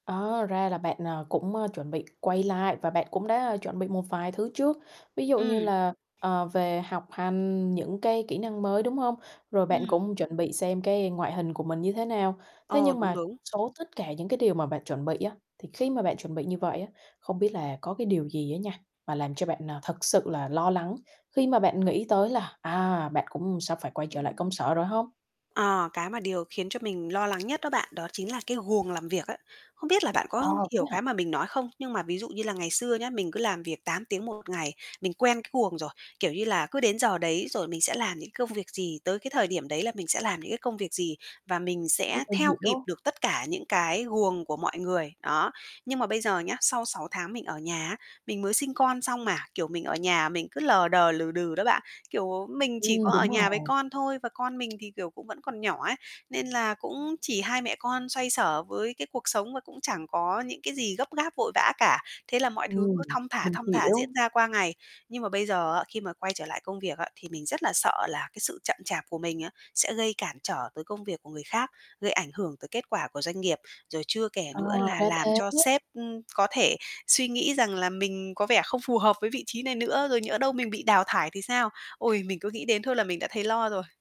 Ờ, ra là bạn, ờ, cũng, ơ, chuẩn bị quay lại và bạn cũng đã chuẩn bị một vài thứ trước, ví dụ như Ừm. là, ờ, về học hành những cái kỹ năng mới, đúng hông? Rồi bạn Ừm. cũng chuẩn bị xem cái ngoại hình của mình như thế nào. Thế Ờ, nhưng đúng, mà đúng. số tất cả những cái điều mà bạn chuẩn bị á, thì khi mà bạn chuẩn bị như vậy á, không biết là có cái điều gì á nha, mà làm cho bạn, ờ, thực sự là lo lắng khi mà bạn nghĩ tới là, à, bạn cũng sắp phải quay trở lại công sở rồi hông? Ờ, cái mà điều khiến cho mình lo lắng nhất đó bạn, đó chính là cái guồng làm việc ấy. Không biết là bạn À, có thế hiểu cái hả? mà mình nói không? Nhưng mà ví dụ như là ngày xưa nhá, mình cứ làm việc 8 tiếng 1 ngày, mình quen cái guồng rồi. Kiểu như là, cứ đến giờ đấy rồi mình sẽ làm những công việc gì, tới cái thời điểm đấy là mình sẽ làm những cái công việc gì và mình Ừm, sẽ mình theo kịp hiểu. được tất cả những cái guồng của mọi người, đó. Nhưng mà bây giờ nhá, sau 6 tháng mình ở nhà á, mình mới sinh con xong mà, kiểu, mình ở nhà mình cứ lờ đờ, lừ đừ đó bạn. Kiểu, mình chỉ Ừm, có ở đúng nhà với rồi. con thôi và con mình thì, kiểu, cũng vẫn còn nhỏ ấy, nên là cũng chỉ hai mẹ con xoay xở với cái cuộc sống và cũng chẳng có những cái gì gấp gáp, vội vã cả. Thế là mọi thứ cứ Ừm, thong thả, mình thong thả diễn hiểu. ra qua ngày. Nhưng mà bây giờ á, khi mà quay trở lại công việc á, thì mình rất là sợ là cái sự chậm chạp của mình á, sẽ gây cản trở tới công việc của người khác, gây ảnh hưởng tới kết quả của doanh nghiệp. Rồi chưa kể À, nữa là ra làm cho thế. sếp, ưm, có thể suy nghĩ rằng là mình có vẻ không phù hợp với vị trí này nữa, rồi nhỡ đâu mình bị đào thải thì sao? Ôi, mình cứ nghĩ đến thôi là mình đã thấy lo rồi.